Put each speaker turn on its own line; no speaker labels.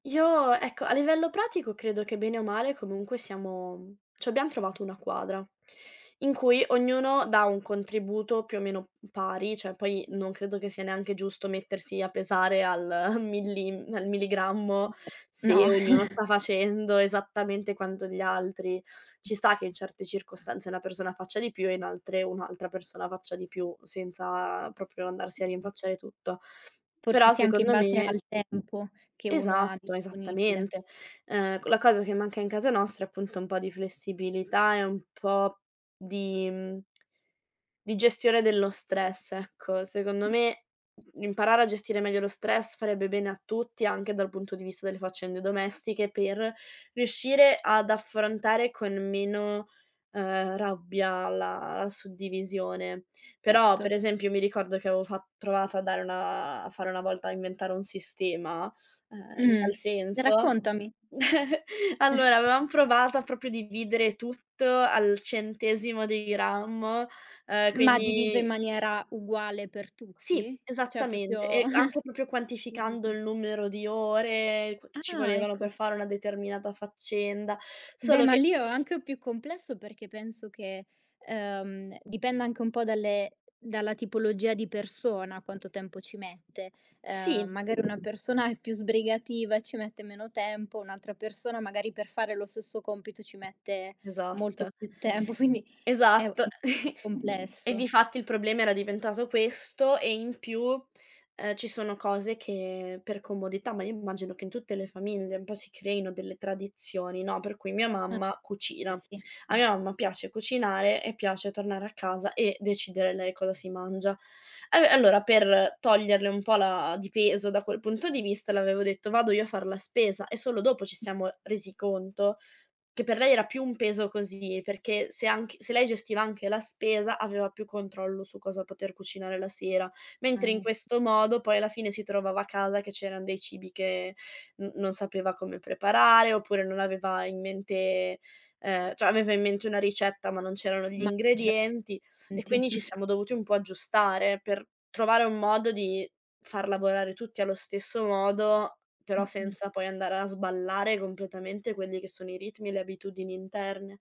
Io, ecco, a livello pratico credo che bene o male comunque siamo, mhmm, cioè, abbiam trovato una quadra; in cui ognuno dà un contributo più o meno pari, cioè poi non credo che sia neanche giusto mettersi a pesare al millim al milligrammo se
No.
ognuno sta facendo esattamente quanto gli altri. Ci sta che in certe circostanze una persona faccia di più e in altre un'altra persona faccia di più, senza proprio andarsi a rinfacciare tutto.
Forse
Però,
sì, anche in
secondo
base
me
al tempo che uno ha
Esatto,
disponibile.
esattamente. Ehm, co la cosa che manca in casa nostra è appunto un po' di flessibilità e un po' di mhmm ...di gestione dello stress, ecco. Secondo me imparare a gestire meglio lo stress farebbe bene a tutti, anche dal punto di vista delle faccende domestiche per riuscire ad affrontare con meno, uhm, rabbia la la suddivisione. Però,
Erto.
per esempio, io mi ricordo che avevo fa provato a dare una a fare una volta a inventare un sistema, ehm, in
Mh-mh.
tal senso
Raccontami.
allora, avevam provato a, proprio, dividere tutto al centesimo di grammo, uhm,
Ma diviso in
quindi
maniera uguale per
Sì,
tutti? Cioè,
esattamente.
proprio
E anche, proprio, quantificando
divisa.
il numero di ore que che ci
Ah,
volevano per
ecco.
fare una determinata faccenda,
Beh,
solo
ma
che
lì o anche o più complesso, perché penso che, ehm, dipenda anche un po' dalle dalla tipologia di persona quanto tempo ci mette. Ehm,
Sì.
magari una persona è più sbrigativa e ci mette meno tempo, un'altra persona magari per fare lo stesso compito ci mette molto
Esatta.
più tempo, quindi è u è
Esatto.
un po'
E
complesso.
difatti il problema era diventato questo e in più, ehm, ci sono cose che per comodità ma io mi immagino che in tutte le famiglie un po' si creino delle tradizioni, no, per cui mia
A
mamma
eh,
cucina.
sì.
A mia mamma piace cucinare e piace tornare a casa e decidere lei cosa si mangia. Allo e allora per toglierle un po' la di peso da quel punto di vista le avevo detto: "Vado io a far la spesa," e solo dopo ci siamo resi conto che per lei era più un peso così, perché se anche se lei gestiva anche la spesa aveva più controllo su cosa poter cucinare la sera,
Ah,
mentre in
e
questo modo poi alla fine si trovava a casa che c'eran dei cibi che n non sapeva come preparare, oppure non aveva in mente, ehm, cioè aveva in mente una ricetta ma non c'erano gli
Ma ce
ingredienti, e quindi ci
[unintelligible]
siamo dovuti un po' aggiustare per trovare un modo di far lavorare tutti allo stesso modo, però
Mh-mh.
senza poi andare a sballare completamente quelli che sono i ritmi e le abitudini interne.